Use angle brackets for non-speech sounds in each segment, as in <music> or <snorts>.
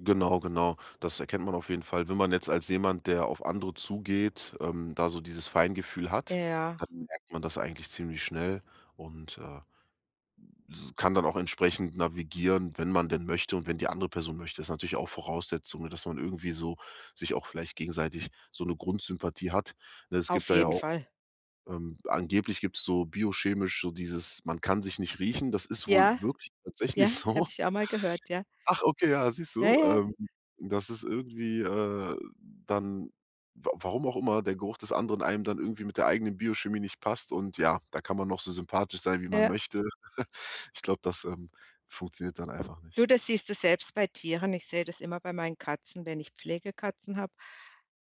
Genau, genau. Das erkennt man auf jeden Fall, wenn man jetzt als jemand, der auf andere zugeht, ähm, da so dieses Feingefühl hat, Ja. dann merkt man das eigentlich ziemlich schnell und, äh, m s kann dann auch entsprechend navigieren, wenn man denn möchte und wenn die andere Person möchte. Ist natürlich auch Voraussetzung, ne, dass man irgendwie so sich auch vielleicht gegenseitig so 'ne Grundsympathie hat, ne? Es gibt Auf da ja jeden auch Fall. ähm, angeblich gibt's so biochemisch so dieses man kann sich nicht riechen, das ist wohl Ja, wirklich tatsächlich ja, so. habe ich auch mal gehört, ja. Ach, okay, ja, siehst Ja, du? ja. Ähm, dass es irgendwie, äh dann, wa warum auch immer der Geruch des anderen einem dann irgendwie mit der eigenen Biochemie nicht passt und ja, da kann man noch so sympathisch sein, wie man Ja. möchte. <chuckles> Ich glaube, das, ähm, funktioniert dann einfach nicht. Du, das siehst du selbst bei Tieren. Ich sehe das immer bei meinen Katzen, wenn ich Pflegekatzen habe,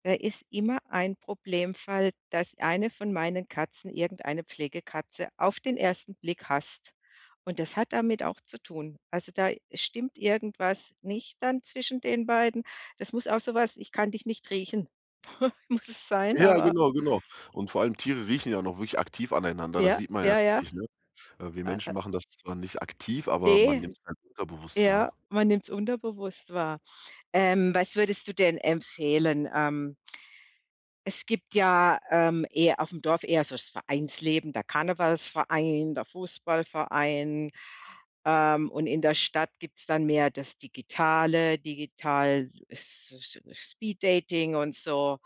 da ist immer ein Problemfall, dass eine von meinen Katzen irgendeine Pflegekatze auf den 1. Blick hasst und das hat damit auch zu tun. Also da stimmt irgendwas nicht dann zwischen den beiden. Das muss auch so was ich kann dich nicht riechen, <snorts> muss es sein, Ja, aber genau, genau und vor allem Tiere riechen ja auch noch wirklich aktiv aneinander. Das Ja, sieht man ja ja, ja. richtig, ne? Äh, wir A a Menschen machen das zwar nicht aktiv, aber man Ne. nimmt's halt unterbewusst Ja, wahr. man nimmt's unterbewusst wahr. Ähm, was würdest du denn empfehlen? Ähm, es gibt ja, ähm, eher aufm Dorf eher so das Vereinsleben, der Karnevalsverein, der Fußballverein, ähm, und in der Stadt gibt's dann mehr das Digitale, Digital es so es Speed Dating und so.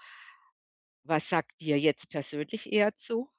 Was sagt dir jetzt persönlich eher zu?